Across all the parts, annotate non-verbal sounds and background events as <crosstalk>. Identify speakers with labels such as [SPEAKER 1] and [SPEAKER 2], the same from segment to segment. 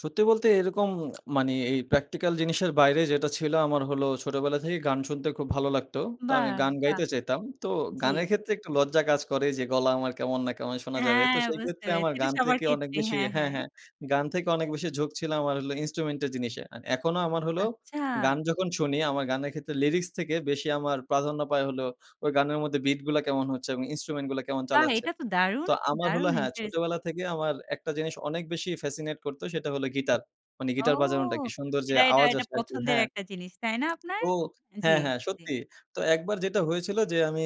[SPEAKER 1] সত্যি বলতে এরকম <smacks lips> মানে এ এই প্র্যাকটিক্যাল জিনিসের বাইরে যেটা ছিল, আমার হলো ছোটবেলা থেকেই গান শুনতে খুব ভালো লাগতো। তো আমি
[SPEAKER 2] বাহ!
[SPEAKER 1] গান
[SPEAKER 2] বাহ!
[SPEAKER 1] গাইতে চাইতাম। তো
[SPEAKER 2] জি।
[SPEAKER 1] গানের ক্ষেত্রে একটু লজ্জা কাজ করে যে, গলা আমার কেমন না কেমন, শোনা যাবে? তো
[SPEAKER 2] হ্যাঁ, বুঝতে
[SPEAKER 1] সেইক্ষেত্রে
[SPEAKER 2] পেরেছি।
[SPEAKER 1] আমার
[SPEAKER 2] এটা
[SPEAKER 1] গান
[SPEAKER 2] সবার
[SPEAKER 1] থেকে অনেক
[SPEAKER 2] ক্ষেত্রেই।
[SPEAKER 1] বেশি
[SPEAKER 2] হ্যাঁ,
[SPEAKER 1] হ্যাঁ,
[SPEAKER 2] হ্যাঁ।
[SPEAKER 1] হ্যাঁ। গান থেকে অনেক বেশি ঝোঁক ছিল, আমার হল ইন্সট্রুমেন্ট এর জিনিসে। আন এখনো আমার হলো,
[SPEAKER 2] আচ্ছা।
[SPEAKER 1] গান যখন শুনি, আমার গানের ক্ষেত্রে লিরিক্স থেকে বেশি আমার প্রাধান্য পায় হলো, ওই গানের মধ্যে বিট গুলা কেমন হচ্ছে এবং ইন্সট্রুমেন্ট গুলা কেমন
[SPEAKER 2] বাহ!
[SPEAKER 1] চালাচ্ছে?
[SPEAKER 2] এটা তো দারুন!
[SPEAKER 1] তো আমার হলো
[SPEAKER 2] দারুন
[SPEAKER 1] হ্যাঁ,
[SPEAKER 2] ইন্টারেস্টিং!
[SPEAKER 1] ছোটবেলা থেকে আমার একটা জিনিস অনেক বেশি ফ্যাসিনেট করতো, সেটা হলো গিটার। মানে
[SPEAKER 2] ও!
[SPEAKER 1] গিটার বাজানোটা। কি সুন্দর যে
[SPEAKER 2] এটা এটা
[SPEAKER 1] আওয়াজ
[SPEAKER 2] এটা
[SPEAKER 1] আসে আরকি
[SPEAKER 2] পছন্দের
[SPEAKER 1] হ্যাঁ।
[SPEAKER 2] একটা জিনিস, তাই না আপনার?
[SPEAKER 1] তো,
[SPEAKER 2] জ্বি,
[SPEAKER 1] হ্যাঁ, হ্যাঁ।
[SPEAKER 2] জ্বি।
[SPEAKER 1] সত্যি। তো একবার যেটা হয়েছিল যে, আমি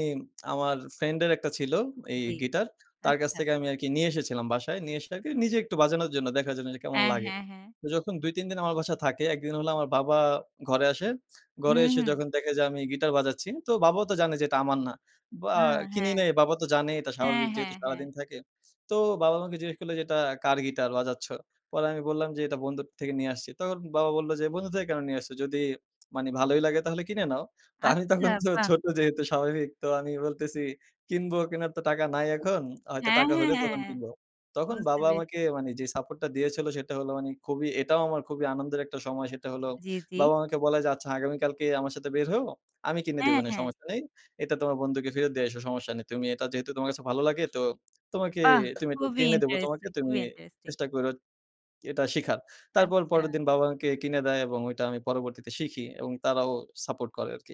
[SPEAKER 1] আমার ফ্রেন্ডের একটা ছিল, এই
[SPEAKER 2] জ্বী।
[SPEAKER 1] গিটার, তার কাছ
[SPEAKER 2] আচ্ছা।
[SPEAKER 1] থেকে আমি আরকি নিয়ে এসেছিলাম বাসায়। নিয়ে এসে, আর নিজে একটু বাজানোর জন্য, দেখার জন্য যে, কেমন
[SPEAKER 2] হ্যাঁ,
[SPEAKER 1] লাগে?
[SPEAKER 2] হ্যাঁ, হ্যাঁ।
[SPEAKER 1] যখন ২ ৩ দিন আমার বাসায় থাকে, ১ দিন হল আমার বাবা ঘরে আসে।
[SPEAKER 2] হু,
[SPEAKER 1] ঘরে এসে
[SPEAKER 2] হু।
[SPEAKER 1] যখন দেখে যে আমি গিটার বাজাচ্ছি, তো বাবাও তো জানে যে এটা আমার না। বা
[SPEAKER 2] আহ,
[SPEAKER 1] কিনি
[SPEAKER 2] হ্যাঁ।
[SPEAKER 1] নাই, বাবা তো জানে এটা
[SPEAKER 2] হ্যাঁ,
[SPEAKER 1] স্বাভাবিক, যেহেতু
[SPEAKER 2] হ্যাঁ, হ্যাঁ।
[SPEAKER 1] সারাদিন থাকে। তো বাবা আমাকে জিজ্ঞেস করলো যে, "এটা কার গিটার বাজাচ্ছ?" পরে আমি বললাম যে, "এটা বন্ধুর থেকে নিয়ে আসছি।" তখন বাবা বলল যে, "বন্ধু থেকে কেন নিয়ে আসছো? যদি মানে ভালোই লাগে তাহলে কিনে নাও।" তা আমি
[SPEAKER 2] আচ্ছা,
[SPEAKER 1] তখন তো
[SPEAKER 2] বাহ!
[SPEAKER 1] ছোট যেহেতু স্বাভাবিক, তো আমি বলতেছি, "কিনব, কিনার তো টাকা নাই এখন। হয়তো
[SPEAKER 2] হ্যাঁ,
[SPEAKER 1] টাকা
[SPEAKER 2] হ্যাঁ,
[SPEAKER 1] হলে তখন
[SPEAKER 2] হ্যাঁ।
[SPEAKER 1] কিনব।" তখন
[SPEAKER 2] বুঝতে
[SPEAKER 1] বাবা আমাকে
[SPEAKER 2] পেরেছি।
[SPEAKER 1] মানে যে সাপোর্টটা দিয়েছিল, সেটা হলো মানে খুবই, এটাও আমার খুবই আনন্দের একটা সময়, সেটা হলো
[SPEAKER 2] জি, জি।
[SPEAKER 1] বাবা আমাকে বলে যে, "আচ্ছা আগামীকালকে আমার সাথে বের হইয়ো। আমি কিনে দিব
[SPEAKER 2] হ্যাঁ,
[SPEAKER 1] নে,
[SPEAKER 2] হ্যাঁ।
[SPEAKER 1] সমস্যা নেই। এটা তোমার বন্ধুকে ফেরত দিয়ে এসো, সমস্যা নেই। তুমি এটা যেহেতু, তোমার কাছে ভালো লাগে, তো তোমাকে,
[SPEAKER 2] বাহ!
[SPEAKER 1] তুমি, এটা
[SPEAKER 2] খুবই
[SPEAKER 1] কিনে দিবো তোমাকে।
[SPEAKER 2] ইন্টারেস্টিং,
[SPEAKER 1] তুমি
[SPEAKER 2] খুবই ইন্টারেস্টিং!
[SPEAKER 1] চেষ্টা কইরো এটা শিখার।" তারপর
[SPEAKER 2] আচ্ছা।
[SPEAKER 1] পরেরদিন বাবা আমাকে কিনে দেয় এবং ঐটা আমি পরবর্তীতে শিখি এবং তারাও সাপোর্ট করে আরকি।